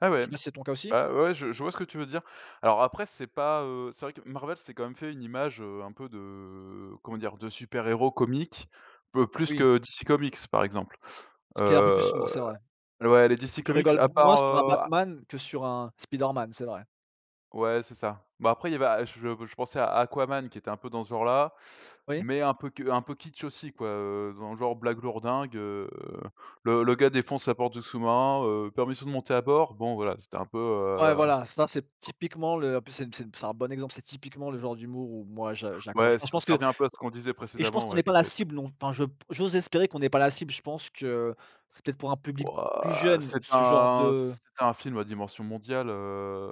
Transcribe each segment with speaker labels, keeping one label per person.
Speaker 1: Ah ouais?
Speaker 2: C'est bien c'est ton cas aussi?
Speaker 1: Bah ouais je je vois ce que tu veux dire. Alors après c'est pas, heu, c'est vrai que Marvel s'est quand même fait une image, heu, un peu de comment dire? De super héros comique, plus
Speaker 2: Oui.
Speaker 1: que DC comics par exemple.
Speaker 2: Ce qui est un peu plus
Speaker 1: Heu,
Speaker 2: sombre, c'est vrai.
Speaker 1: ouais les DC
Speaker 2: Tu
Speaker 1: comics
Speaker 2: rigoles
Speaker 1: à
Speaker 2: moins
Speaker 1: part,
Speaker 2: sur un
Speaker 1: heu
Speaker 2: Batman que sur un Spiderman, c'est vrai.
Speaker 1: Ouais c'est ça. Bah après il y avait A je je pensais à Aquaman qui était un peu dans ce genre là.
Speaker 2: Oui.
Speaker 1: Mais un peu un peu kitsch aussi quoi, heu, dans le genre blague lourd dingue, heu, le le gars défonce la porte du sous-marin, heu, permission de monter à bord, bon voilà, c'était un peu,
Speaker 2: Ouais
Speaker 1: heu
Speaker 2: voilà ça c'est typiquement le en plus c'est c'est c'est un bon exemple, c'est typiquement le genre d'humour où moi je j'accroche.
Speaker 1: Ouais,
Speaker 2: Moi je
Speaker 1: ça
Speaker 2: pense
Speaker 1: ça
Speaker 2: que
Speaker 1: revient un peu à ce qu'on disait
Speaker 2: et je pense
Speaker 1: précédemment,
Speaker 2: qu'on
Speaker 1: ouais
Speaker 2: n'est
Speaker 1: de
Speaker 2: pas la
Speaker 1: fait
Speaker 2: cible non. Enfin je j'ose espérer qu'on n'est pas la cible je pense que c'est peut-être pour un public plus
Speaker 1: Wouah!
Speaker 2: jeune
Speaker 1: C'est
Speaker 2: ce genre
Speaker 1: un
Speaker 2: de
Speaker 1: c'est un film à dimension mondiale, heu,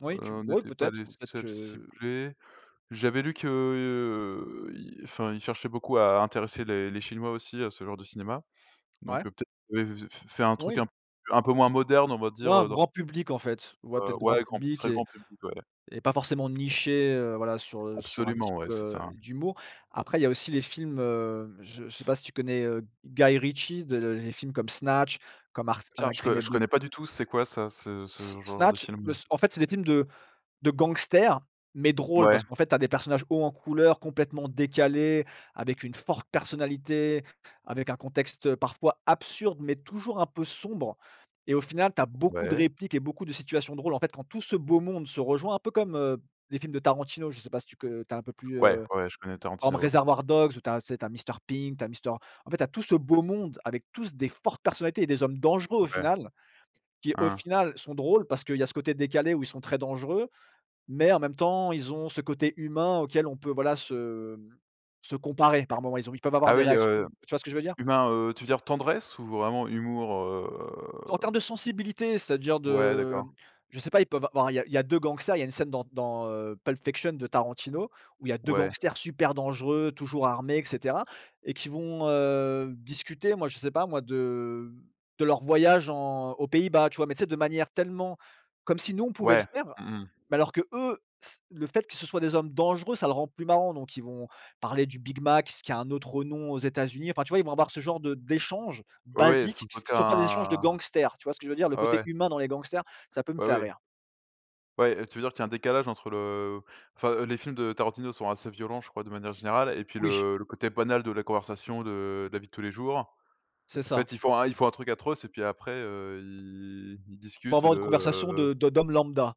Speaker 2: Oui tu
Speaker 1: on
Speaker 2: oui
Speaker 1: n'était pas
Speaker 2: peut-être,
Speaker 1: les
Speaker 2: peut-être
Speaker 1: seuls
Speaker 2: que
Speaker 1: ciblés. J'avais lu que, heu, enfin il cherchait beaucoup à intéresser les les Chinois aussi à ce genre de cinéma. Donc
Speaker 2: Ouais.
Speaker 1: peut-être f fait un truc
Speaker 2: Oui.
Speaker 1: un peu un peu moins moderne on va
Speaker 2: Ouais
Speaker 1: dire,
Speaker 2: un
Speaker 1: heu, dans
Speaker 2: grand public en fait. Ouais
Speaker 1: Heu,
Speaker 2: peut-être grand
Speaker 1: ouais, grand,
Speaker 2: public
Speaker 1: très
Speaker 2: et
Speaker 1: grand public ouais.
Speaker 2: et pas forcément niché, heu, voilà sur, heu, sur un
Speaker 1: Absolument
Speaker 2: type,
Speaker 1: ouais, c'est
Speaker 2: heu,
Speaker 1: ça.
Speaker 2: d'humour. Après il y a aussi les films, heu, je je sais pas si tu connais, heu, Guy Ritchie, les films comme Snatch comme ar
Speaker 1: Tiens, je je
Speaker 2: [unintelligible]
Speaker 1: connais pas du tout. C'est quoi ça ce
Speaker 2: S
Speaker 1: ce genre de
Speaker 2: Snatch bah
Speaker 1: film?
Speaker 2: en fait c'est des films de de gangsters mais drôle.
Speaker 1: Mouais.
Speaker 2: Parce qu'en fait, tu as des personnages hauts en couleur complètement décalés avec une forte personnalité avec un contexte parfois absurde mais toujours un peu sombre et au final tu as beaucoup de
Speaker 1: Ouais.
Speaker 2: répliques et beaucoup de situations drôle. En fait quand tout ce beau monde se rejoint un peu comme, heu, les films de Tarantino. Je sais pas si tu co heu, tu as un peu plus,
Speaker 1: Ouais,
Speaker 2: heu,
Speaker 1: ouais, ouais, je connais
Speaker 2: comme
Speaker 1: Tarantino ouais.
Speaker 2: Reservoir Dogs ou tu as tu as Mister Pink tu as Mister en fait tu as tout ce beau monde avec tous des fortes personnalités et des hommes dangereux au
Speaker 1: Ouais.
Speaker 2: final. Qui au
Speaker 1: Hein.
Speaker 2: final sont drôles parce qu'il y a ce côté décalé où ils sont très dangereux. Mais en même temps ils ont ce côté humain auquel on peut voilà se se comparer par moments ils peuvent avoir
Speaker 1: Ah
Speaker 2: des
Speaker 1: oui,
Speaker 2: réactions
Speaker 1: heu,
Speaker 2: tu vois ce que je veux dire?
Speaker 1: humain, heu, tu veux dire tendresse ou vraiment humour,
Speaker 2: En
Speaker 1: heu
Speaker 2: termes de sensibilité c'est-à-dire
Speaker 1: Ouais,
Speaker 2: de
Speaker 1: d'accord.
Speaker 2: je sais pas ils peuvent av enfin il y a il y a 2 gangsters il y a une scène dans dans, heu, Pulp fiction de Tarantino où il y a 2
Speaker 1: Ouais.
Speaker 2: gangsters super dangereux toujours armés et cetera et qui vont, heu, discuter moi je sais pas moi de de leur voyage en aux Pays-bas tu vois? Mais c'est de manière tellement comme si nous on pouvait le
Speaker 1: Ouais.
Speaker 2: faire.
Speaker 1: Mmh mh.
Speaker 2: Mais alors que eux c le fait que ce soit des hommes dangereux ça le rend plus marrant. Donc ils vont parler du big mac qui a un autre nom aux Etats-Unis. Enfin, tu vois, ils vont avoir ce genre de d'échange
Speaker 1: Oui oui,
Speaker 2: basiques
Speaker 1: sans
Speaker 2: qui sont pas des échanges de
Speaker 1: aucun
Speaker 2: gangsters. Tu vois ce que je veux dire? Le
Speaker 1: ouais,
Speaker 2: côté
Speaker 1: ouais.
Speaker 2: humain dans les gangsters ça peut me
Speaker 1: Ouais,
Speaker 2: faire
Speaker 1: ouais.
Speaker 2: rire.
Speaker 1: Ouais tu veux dire qu'il y a un décalage entre le heu, enfin les films de Tarantino sont assez violents je crois de manière générale et puis
Speaker 2: Oui.
Speaker 1: le le côté banal de la conversation de la vie de tous les jours.
Speaker 2: C'est
Speaker 1: En
Speaker 2: ça.
Speaker 1: fait ils font ils font un truc atroce et puis après heu, ils ils
Speaker 2: Ils vont
Speaker 1: discutent
Speaker 2: avoir
Speaker 1: de,
Speaker 2: une conversation
Speaker 1: heu
Speaker 2: de de d'homme lambda.